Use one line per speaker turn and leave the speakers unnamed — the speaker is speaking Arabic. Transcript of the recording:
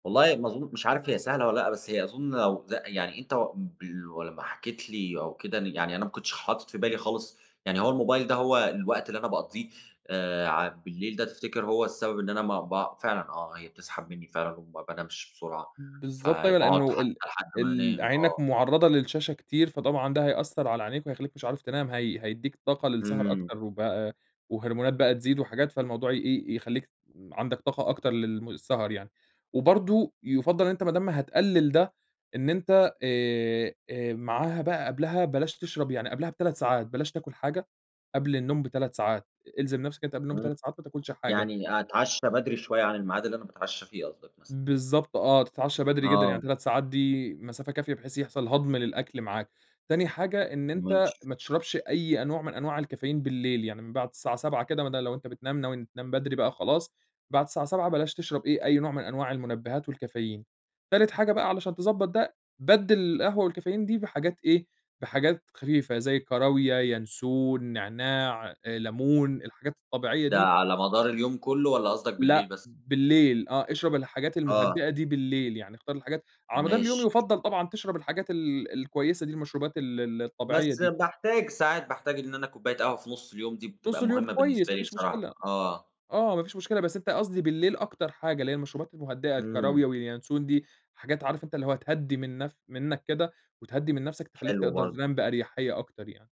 والله ما أظن مش عارف هي سهلة والّا لأ، بس هي أظن لو ل يعني أنت [unintelligible] لمّا حكيت لي أو كده، يعني أنا ما كنتش حاطط في بالي خالص، يعني هو الموبايل ده هو الوقت اللي أنا باقضيه، آآ ع بالليل ده تفتكر هو السبب إن أنا ما بع فعلًا آه، هي بتسحب مني فعلًا وما بانامش بسرعة،
بالضبط أيوه،
فباقعد
لإنه
حتّى
ال
لحد ما
ال
انام،
عينك
آه.
معرّضة للشاشة كتير، فطبعًا ده هيأثّر على عينيك ويخلّيك مش عارف تنام هي هيدّيك طاقة للسهر
إمم.
أكتر، وبقى وهرمونات بقى تزيد وحاجات فالموضوع ي إيه، يخلّيك عندك طاقة أكتر للم سهر يعني، وبرضه يُفضّل إن أنت ما دام هتقلّل ده، إن أنت آآ معاها بقى قبلها بلاش تشرب يعني قبلها ب3 ساعات، بلاش تاكل حاجة قبل النوم ب3 ساعات، إلزِم نفْْسك أنت قبل النوم
إمم،
ب3 ساعات ما تاكلش حاجة.
يعني أتعشّى بدري شوية عن الميعاد اللي أنا باتعشّى فيه قصدك مثلًا.
بالضبط آه، تتعشى بدري جدًا، يعني
آه.
3 ساعات دي مسافة كافية بحيث يحصل هضم للأكل معاك، تاني حاجة إن أنت
ماشي.
ما تشربش أي أنواع من أنواع الكافيين بالليل يعني، من بعد الساعة 19:00 كده مدا لو أنت بتنام ناوي تنام بدري بقى خلاص، بعد الساعة 19:00 بلاش تشرب إيه أي نوع من أنواع المنبهات والكافيين، تالت حاجة بقى علشان تضبّط ده، بَدِّل القهوة والكافيين دي بحاجات إيه، بحاجات خفيفة زي الكراويا، ينسون، نعناع، لمون، الحاجات الطبيعية
ده
دي
على مدار اليوم كلّه، والّا قصدك بالليل
لأ،
بس؟
بالليل آه، اشرب الحاجات
آه.
المهدِّئة دي بالليل، يعني اختار الحاجات على مدار اليوم
ماشي.
يُفضّل طبعًا تشرب الحاجات ال الكويسة دي المشروبات ال ال الطبيعية
بس
دي.
باحتاج ساعات باحتاج إن أنا كوباية قهوة في نُص اليوم دي
نُص
بتبقى
اليوم
مهمّة
كويس
بالنسبة
ما
لي
فيش
بصراحة،
مشكلة،
آه.
آه ما فيش مشكلة بس أنت قصدي بالليل أكتر حاجة، اللي هي المشروبات المهدِّئة
إمم.
الكراويا والينسون دي، حاجات عارف أنت اللي هو تهدّي من نف منك كده، وتهدّي من نفْسك تخلّيك
حلو
تقدر
برضه.
تنام باريحية أكتر يعني.